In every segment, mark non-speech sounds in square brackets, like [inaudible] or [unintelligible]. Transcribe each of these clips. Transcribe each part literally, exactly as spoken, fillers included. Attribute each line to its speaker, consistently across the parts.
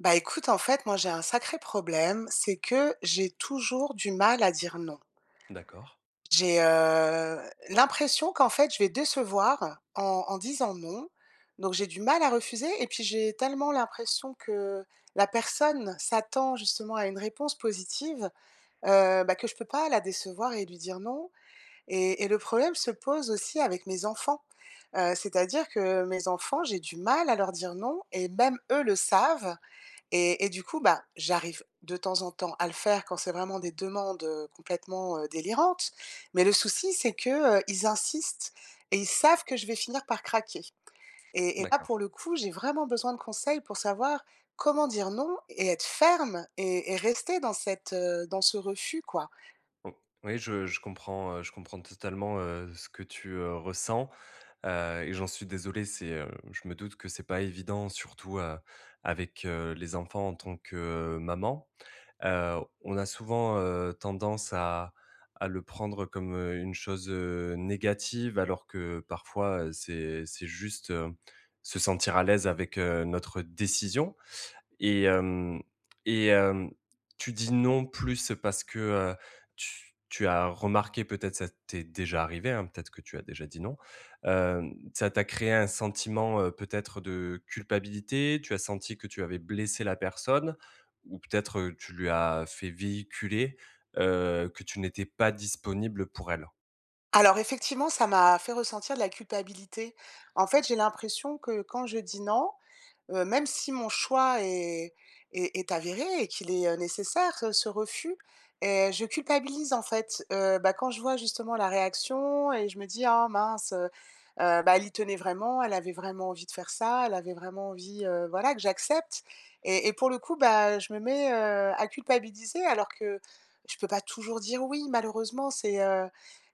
Speaker 1: Bah, écoute, en fait, moi j'ai un sacré problème, c'est que j'ai toujours du mal à dire non.
Speaker 2: D'accord.
Speaker 1: J'ai, heu, l'impression qu'en fait, je vais décevoir en en disant non. Donc j'ai du mal à refuser et puis j'ai tellement l'impression que la personne s'attend justement à une réponse positive, heu, bah, que je peux pas la décevoir et lui dire non et et le problème se pose aussi avec mes enfants. Heu, c'est-à-dire que mes enfants, j'ai du mal à leur dire non et même eux le savent et et, du coup, bah, j'arrive de temps en temps à le faire quand c'est vraiment des demandes complètement, heu, délirantes. Mais le souci, c'est que, heu, ils insistent et ils savent que je vais finir par craquer et et là,
Speaker 2: D'accord.
Speaker 1: pour le coup, j'ai vraiment besoin de conseils pour savoir comment dire non et être ferme et et rester dans cette heu, ce refus, quoi.
Speaker 2: O oui, je je comprends, heu, je comprends totalement, heu, ce que tu, heu, ressens, heu et j'en suis désolé. C'est heu, je me doute que c'est pas évident surtout, heu, avec, heu, les enfants en tant que maman. Heu, on a souvent, heu, tendance à à le prendre comme, heu, une chose, heu, négative, alors que parfois, heu, c'est c'est juste, hem, se sentir à l'aise avec, heu, notre décision et hem et hem, tu dis non plus parce que, heu, tu tu as remarqué, peut-être, ça t'est déjà arrivé, hein, peut-être que tu as déjà dit non, hem, ça t'a créé un sentiment, heu, peut-être de culpabilité? Tu as senti que tu avais blessé la personne ou peut-être, heu, tu lui as fait véhiculer, heu, que tu n'étais pas disponible pour elle?
Speaker 1: Alors, effectivement, ça m'a fait ressentir de la culpabilité. En fait, j'ai l'impression que quand je dis: «non», heu, même si mon choix est est est avéré et qu'il est, heu, nécessaire, heu, ce refus et je culpabilise, en fait, heu, bah, quand je vois, justement, la réaction et je me dis: «Ah mince, heu heu, bah, elle y tenait vraiment. Elle avait vraiment envie de faire ça. Elle avait vraiment envie, heu, voilà que j'accepte» et et pour le coup, bah, je me mets, heu, à culpabiliser alors que je peux pas toujours dire: «oui» malheureusement. C'est, heu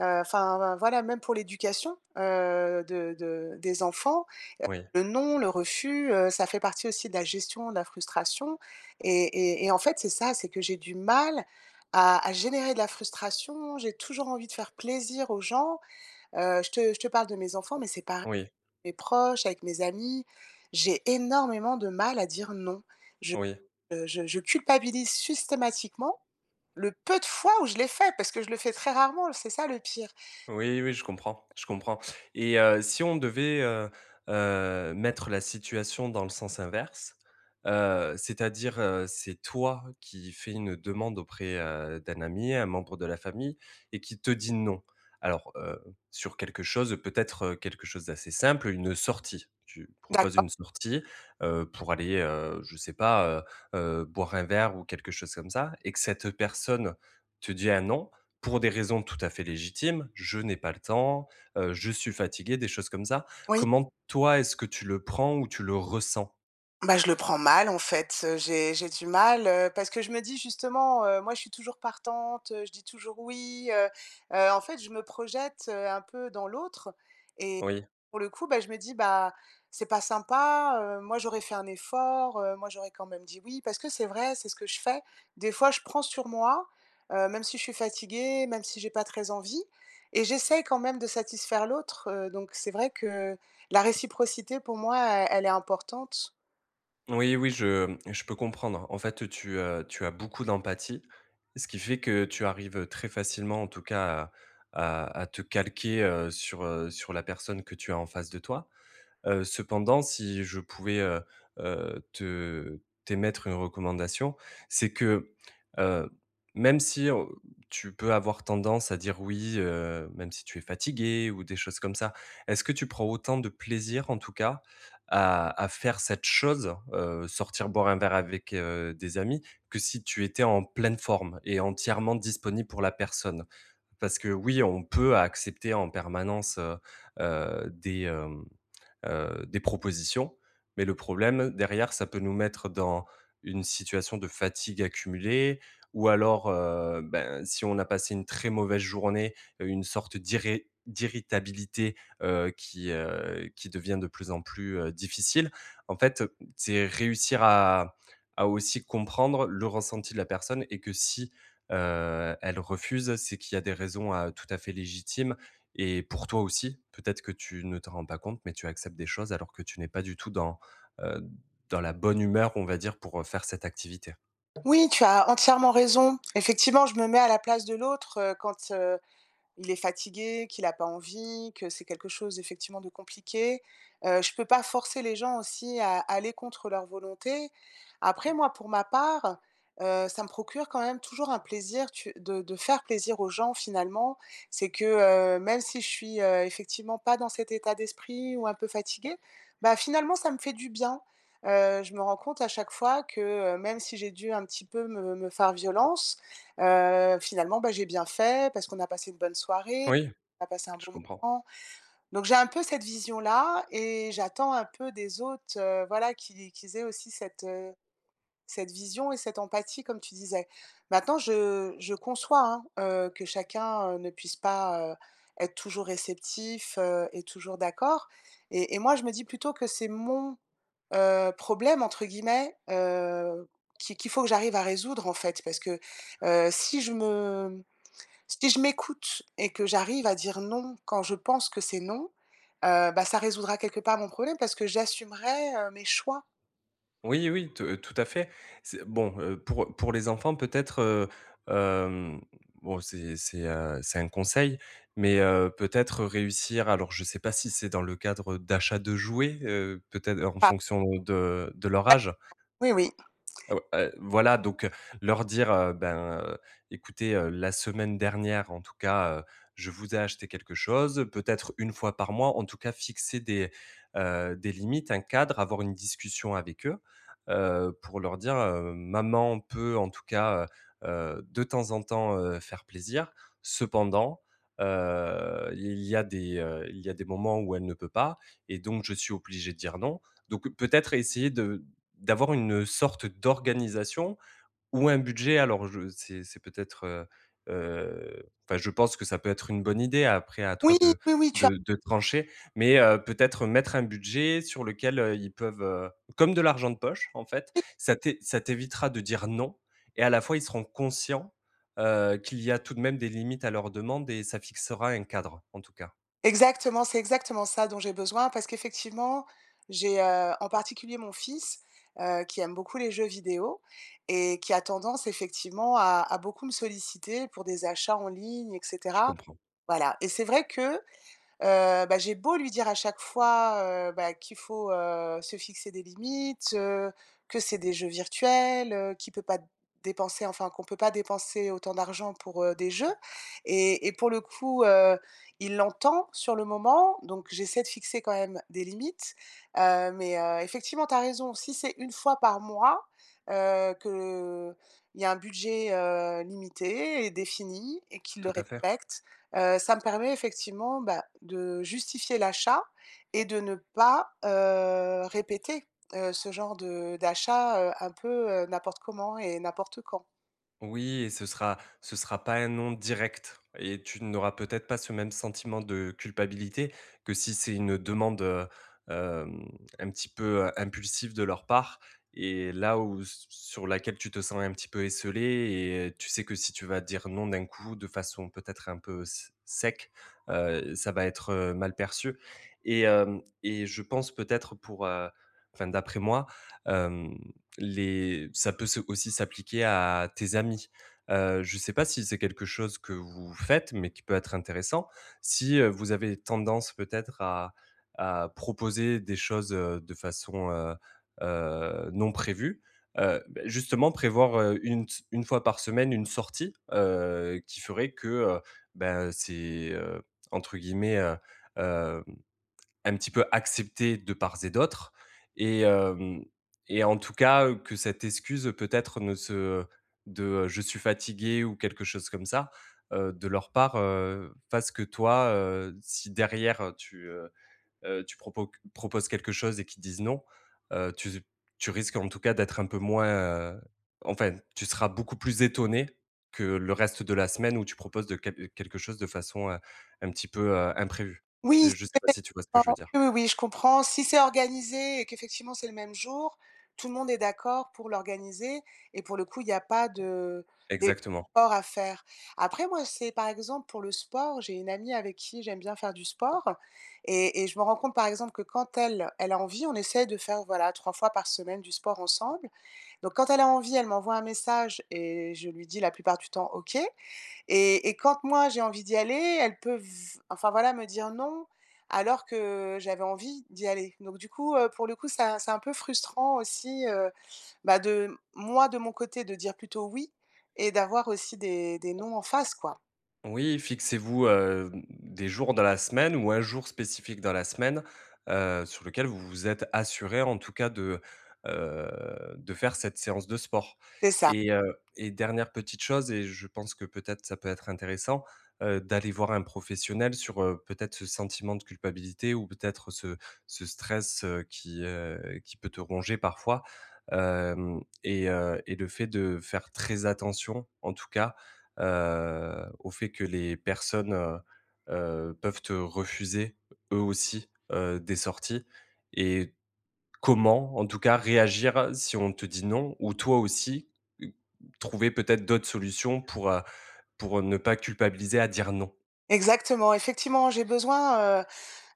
Speaker 1: heu, enfin, voi voilà. Même pour l'éducation, heu, de de des enfants,
Speaker 2: Oui.
Speaker 1: heu, le non, le refus, heu, ça fait partie aussi de la gestion de la frustration et et et en fait, c'est ça, c'est que j'ai du mal à à générer de la frustration. J'ai toujours envie de faire plaisir aux gens. Heu, je te je te parle de mes enfants mais c'est par
Speaker 2: Oui.
Speaker 1: mes proches, avec mes amis. J'ai énormément de mal à dire: «non». Je,
Speaker 2: Oui.
Speaker 1: heu, je je culpabilise sustématiquement, le peu de fois où je l'ai fait parce que je le fais très rarement, l c'est ça, le pire.
Speaker 2: Oui, oui, je comprends, je comprends et heu, si on devait, heu heu, mettre la situation dans le sens inverse, heu, c'est-à-dire, heu, c'est toi qui fais une demande auprès, heu, d'un ami, un membre de la famille et qu'il te dit: «non». Alors heu, sur quelque chose, peut-être, quelque chose d'assez simple, heu, une sortie. Tu proposes
Speaker 1: D'accord.
Speaker 2: une sortie, heu, pour aller, heu, je sais pas, heu heu, boire un verre ou quelque chose comme ça et que cette personne, te dit un: «non» pour des raisons tout à fait légitimes: «Je n'ai pas le temps, heu, je suis fatigué», des choses comme ça.
Speaker 1: Oui.
Speaker 2: Comment, toi, est-ce que tu le prends ou tu le ressens?
Speaker 1: Bah, je le prends mal, en fait, heu, j'ai j'ai du mal, heu, parce que je me dis justement: «Heu, moi, je suis toujours partante, heu, je dis toujours: "oui"», heu heu, en fait, je me projette, heu, un peu dans l'autre et
Speaker 2: Oui.
Speaker 1: pour le coup, bah, je me dis: «Bah, c'est pas sympa. Heu, moi, j'aurais fait un effort, heu, moi, j'aurais, quand même, dit: "oui"» parce que c'est vrai, c'est ce que je fais. Des fois, je prends sur moi, heu, même si je suis fatiguée, même si j'ai pas très envie et j'essaye, quand même, de satisfaire l'autre, heu, donc c'est vrai que la réciprocité, pour moi, elle elle est importante.
Speaker 2: Oui oui, je je peux comprendre. En fait, tu, heu tu as beaucoup d'empathie, ce qui fait que tu arrives, heu, très facilement, en tout cas, à à à te calquer, heu, sur, heu sur la personne que tu as en face de toi. Heu, cependant, si je pouvais, heu heu, te t'émettre une recommandation, c'est que, heu, même si, heu, tu peux avoir tendance à dire: «oui», heu, même si tu es fatiguée ou des choses comme ça, est-ce que tu prends autant de plaisir, en tout cas, à à faire cette chose, heu, sortir boire un verre avec, heu, des amis, que si tu étais en pleine forme et entièrement disponible pour la personne? Parce que oui, on peut accepter en permanence, heu heu, des hem heu, des propositions, mais le problème derrière, ça peut nous mettre dans une situation de fatigue accumulée, ou alors, heu, ben, si on a passé une très mauvaise journée, heu, une sorte d'irré d'irritabilité, heu, qui, heu qui devient de plus en plus, heu, difficile. En fait, c'est réussir à à aussi comprendre le ressenti de la personne et que si, heu, elle refuse, c'est qu'il y a des raisons, heu, tout à fait légitimes et pour toi aussi, peut-être que tu ne t'en rends pas compte, mais tu acceptes des choses alors que tu n'es pas du tout dans, heu, dans la bonne humeur, on va dire, pour, heu, faire cette activité.
Speaker 1: Oui, tu as entièrement raison. Effectivement, je me mets à la place de l'autre, heu, quand, heu, il est fatigué, qu'il a pas envie, que c'est quelque chose effectivement, de compliqué. Heu, je peux pas forcer les gens aussi à à aller contre leur volonté. Après moi, pour ma part, heu, ça me procure quand même toujours un plaisir tu de de faire plaisir aux gens finalement. C'est que, heu, même si je suis, heu, effectivement pas dans cet état d'esprit ou un peu fatigué, bah, finalement, ça me fait du bien. Heu, je me rends compte à chaque fois que, heu, même si j'ai dû un petit peu me me faire violence, heu, finalement, bah, j'ai bien fait parce qu'on a passé une bonne soirée,
Speaker 2: Oui,
Speaker 1: on a passé un
Speaker 2: je
Speaker 1: bon
Speaker 2: comprends.
Speaker 1: moment, donc j'ai un peu cette vision là et j'attends un peu des autres heu, voilà, qu'il ais qu'ils aient aussi cette cette, heu, cette vision et cette empathie, comme tu disais. Maintenant, je je conçois, hein, heu, que chacun, heu, ne puisse pas, heu, être toujours réceptif, heu et toujours d'accord, et- et moi, je me dis plutôt que c'est mon, heu, «problème», entre guillemets, heu, qui qu'il faut que j'arrive à résoudre, en fait. Parce que, heu, si je me si je m'écoute et que j'arrive à dire: «non» quand je pense que c'est non, heu, bah, ça résoudra quelque part mon problème parce que j'assumerais, heu, mes choix.
Speaker 2: Oui, oui, t tout à fait. C'est bon, heu, pour pour les enfants peut-être heu, hem, bon, c'est c'est un c'est un conseil, mais heu, peut-être réussir alors je sais pas si c'est dans le cadre, heu, d'achat de jouets, heu, peut être en
Speaker 1: Ah!
Speaker 2: fonction de de leur âge
Speaker 1: Ouais. Oui, oui.
Speaker 2: heu, ou et voilà, donc heu, leur dire: «Heu, ben, heu, écoutez, heu, la semaine dernière, en tout cas, heu, je vous ai acheté quelque chose» peut être une fois par mois, en tout cas, fixer des, heu, des limites, un cadre, avoir une discussion avec eux, heu, pour leur dire: «Heu, maman peut en tout cas, heu heu, de temps en temps, heu, faire plaisir. Cependant, heu, il y a des, heu il y a des moments où elle ne peut pas et donc je suis obligée de dire, non». Donc peut-être essayer de d'avoir une, heu, sorte d'organisation ou un budget. Alors je c'est c'est peut-être, heu heu, enfin je pense que ça peut être une bonne idée après, à toi
Speaker 1: Oui!
Speaker 2: de
Speaker 1: Oui, oui tu as
Speaker 2: de de trancher, mais heu, peut-être mettre un budget sur lequel, heu, ils peuvent, heu comme de l'argent de poche en fait,
Speaker 1: Oui
Speaker 2: ça t'é ça t'évitera de dire: «Non» et à la fois, ils seront conscients, heu, qu'il y a tout de même des limites à leurs demandes et ça fixera un cadre en tout cas.
Speaker 1: Exactement, c'est exactement ça dont j'ai besoin parce qu'effectivement, j'ai heu, en particulier mon fils, heu, qui aime beaucoup les jeux vidéo et qui a tendance effectivement à à beaucoup me solliciter pour des achats en ligne, et
Speaker 2: Je
Speaker 1: cetera
Speaker 2: comprends.
Speaker 1: voilà. Et c'est vrai que, heu, bah, j'ai beau lui dire à chaque fois, heu, bah, qu'il faut, heu, se fixer des limites, heu, que c'est des jeux virtuels, heu, qu'il peut pas dépenser enfin qu'on peut pas dépenser autant d'argent pour, heu, des jeux. Et et pour le coup, heu, il l'entend sur le moment. Donc j'essaie de fixer quand même des limites. Heu, mais heu, effectivement, tu as raison. Si c'est une fois par mois, heu, qu'il y a un budget, heu, limité et défini et qu'il le
Speaker 2: Tout à fait!
Speaker 1: respecte, heu, ça me permet effectivement, bah, de justifier l'achat et de ne pas, heu, répéter, heu, ce genre de d'achat, heu, un peu, heu, n'importe comment et n'importe quand.
Speaker 2: Oui, et ce sera ce sera pas un non direct et tu n'auras peut-être pas ce même sentiment de culpabilité que si c'est une demande, heu, hem, un petit peu, heu, impulsive de leur part et là, où, s sur laquelle tu te sens un petit peu esseulée et heu tu sais que si tu vas dire: «non» d'un coup, de façon peut-être un peu s sec, heu, ça va être, heu, mal perçu et hem et je pense peut-être pour, heu, enfin, d'après moi, hem, les ça peut se aussi s'appliquer à tes amis. Heu, je sais pas si c'est quelque chose que vous faites, mais qui peut être intéressant. Si, heu, vous avez tendance, peut-être, à à proposer des choses, heu, de façon, heu heu, non prévue, heu, bah, justement, prévoir, heu, une ts une fois par semaine, une sortie, heu, qui ferait que, heu, ben, c'est, heu, entre guillemets, heu, hem, un petit peu accepté de part, et d'autre et hem et en tout cas, heu, que cette excuse peut-être ne se, heu de heu: «Je suis fatigué» ou quelque chose comme ça, heu, de leur part, heu, fasse que toi, heu, si derrière, tu, heu heu, tu propoc proposes quelque chose et qu'ils disent: «non», heu, tu z tu risques, en tout cas, d'être un peu moins, heu, enfin, tu seras beaucoup plus étonnée que le reste de la semaine où tu proposes de quel heu, quelque chose de façon, heu, un petit peu, heu, imprévue.
Speaker 1: Oui,. [unintelligible]
Speaker 2: Je sais pas si tu vois ce que
Speaker 1: Oui,
Speaker 2: je veux dire?
Speaker 1: oui, oui, je comprends. Si c'est organisé et qu'effectivement, c'est le même jour, tout le monde est d'accord pour l'organiser et pour le coup, il y a pas de
Speaker 2: Exactement.
Speaker 1: d'efforts à faire. Après moi, c'est, par exemple, pour le sport, j'ai une amie avec qui j'aime bien faire du sport et et je me rends compte, par exemple, que quand elle, elle a envie, on essaie de faire, voilà, trois fois par semaine du sport ensemble, donc quand elle a envie, elle m'envoie un message et je lui dis la plupart du temps: «OK» et et quand, moi, j'ai envie d'y aller, elle peut v enfin, voilà, me dire: «non» alors que j'avais envie d'y aller, donc du coup, heu, pour le coup, ça, c'est un peu frustrant aussi, heu, bah, de moi, de mon côté, de dire plutôt: «oui» et d'avoir aussi des des non en face, quoi.
Speaker 2: Oui, fixez-vous, heu, mmh des jours dans la semaine ou un jour spécifique dans la semaine. Heu, sur lequel vous vous êtes assuré, en tout cas de, heu, de faire cette séance de sport
Speaker 1: C'est ça.
Speaker 2: et heu et dernière petite chose et je pense que peut-être ça peut être intéressant, heu, d'aller voir un professionnel sur, heu, peut-être ce sentiment de culpabilité ou peut-être ce ce stress, heu, qui, heu qui peut te ronger parfois. Hem et heu, et le fait de faire très attention, en tout cas, heu, au fait que, les personnes, heu heu, peuvent te refuser, eux aussi, heu, des, heu, sorties et comment, en tout cas, réagir si on te dit: «Non» ou toi aussi, heu, trouver peut-être d'autres solutions pour, heu pour ne pas culpabiliser à dire: «non.»
Speaker 1: Exactement, effectivement, j'ai besoin, heu,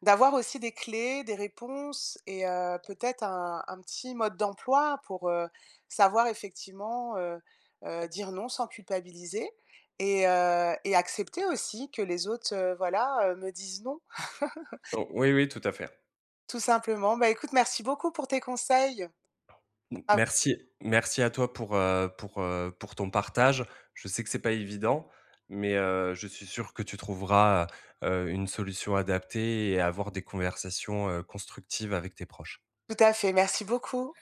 Speaker 1: d'avoir aussi des clés, des réponses et heu, peut-être un un petit mode d'emploi pour, heu, savoir effectivement, heu heu, dire: «non» sans culpabiliser et heu et accepter aussi que les autres, heu, voilà, heu, me disent: «non.» [laughs]
Speaker 2: O oui, oui, tout à fait.
Speaker 1: Tout simplement. Bah, écoute, merci beaucoup pour tes conseils.
Speaker 2: M
Speaker 1: [unintelligible]
Speaker 2: merci merci à toi pour, heu pour, heu pour ton partage. Je sais que c'est pas évident, mais heu, je suis sûr que tu trouveras, heu heu, une solution adaptée et avoir des conversations, heu, constructives avec tes proches.
Speaker 1: Tout à fait, merci beaucoup.